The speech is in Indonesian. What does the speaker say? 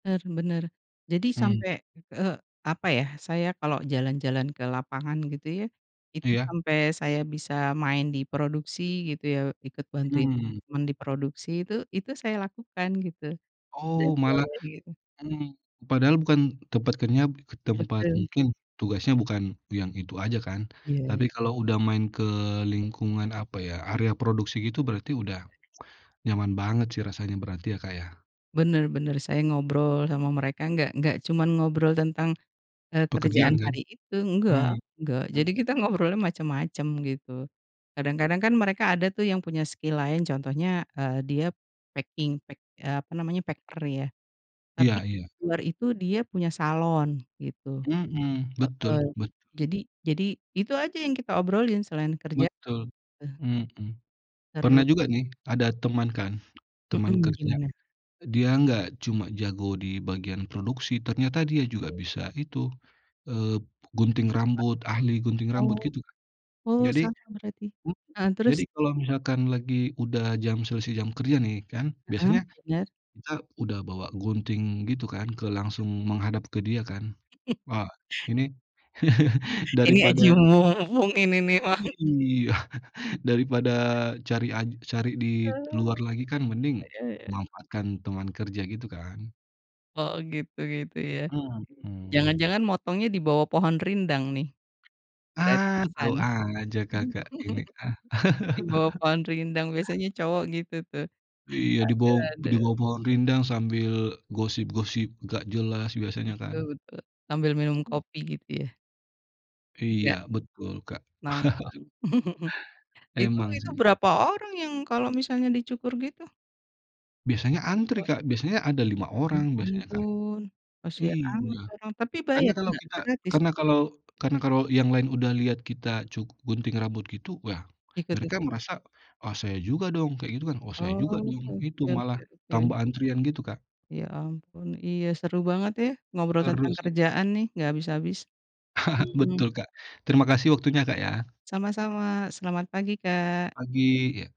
Benar benar. Jadi Mhm. sampai, eee, apa ya, saya kalau jalan-jalan ke lapangan gitu ya, itu Iya. sampai saya bisa main di produksi gitu ya. Ikut bantuin Mhm. teman di produksi tuh, itu saya lakukan gitu dan Oh malah [unintelligible] itu. mhm, padahal bukan tempat kenyap, ke tempat Betul. mungkin tugasnya bukan yang itu aja kan. Iya. Tapi kalau udah main ke lingkungan apa ya, area produksi gitu berarti udah nyaman banget sih rasanya berarti ya, Kak, ya. Benar benar, saya ngobrol sama mereka, enggak enggak cuma ngobrol tentang, eee, Pekerjaan kerjaan kan? hari itu, enggak, Mhm. enggak Mhm. jadi kita ngobrolnya macem-macem gitu. Kadang-kadang kan mereka ada tuh yang punya skill lain contohnya, eee, dia packing, pack apa namanya packer ya tapi Iya iya. diluar itu dia punya salon gitu Mhm, betul heeh betul. jadi jadi itu aja yang kita obrolin selain kerja. Betul. Eh Mhm. Pernah Seru. juga nih ada teman kan, teman Mhm, kerja gimana? dia nggak cuma jago di bagian produksi. Ternyata dia juga bisa itu, eee, gunting rambut ahli gunting rambut Oh. gitu Kak. Oh Jadi, sama berarti, mmm, heeh jadi terus? kalau misalkan lagi, udah jam selesai jam kerja nih kan Heeh, biasanya benar. kita udah bawa gunting gitu kan ke langsung menghadap ke dia kan wah ini Ini aji daripada mumpung ini nih mah. Iy iya daripada cari aj cari di Oh. luar lagi kan mending Iya iya. manfaatkan teman kerja gitu kan Oh gitu gitu ya, Mhm. jangan-jangan motongnya dibawah pohon rindang nih, Ah tau gratisan. aja Kakak ini ah. Di bawah pohon rindang biasanya cowok gitu tuh Iya di bawah di aduh-aduh. bawah pohon rindang sambil gosip-gosip enggak jelas biasanya Betul kan. betul, sambil minum Mmm. kopi gitu ya. Iya Enggak. betul, Kak. Nongkrong. Itu Emang itu sih. berapa orang yang kalau misalnya dicukur gitu? Biasanya antri, [unintelligible] Kak, biasanya ada 5 Ya orang biasanya kan ampun, kasian amat iya tuh orang tapi karena bayar kalau enggak? kita, Gratis? karena kalau karena kalau yang lain udah lihat kita cuk gunting rambut gitu ya Ikut mereka ikut. merasa, "Oh saya juga dong," kayak gitu kan, "Oh saya juga Oh, dong," oke itu malah oke oke. tambah antrian gitu, Kak. Ya ampun, iya seru banget ya, ngobrol Seru tentang sih. kerjaan nih enggak habis-habis. Mhm. Betul, Kak, terima kasih waktunya, Kak, ya. Sama-sama selamat pagi, Kak. Pagi. Iya.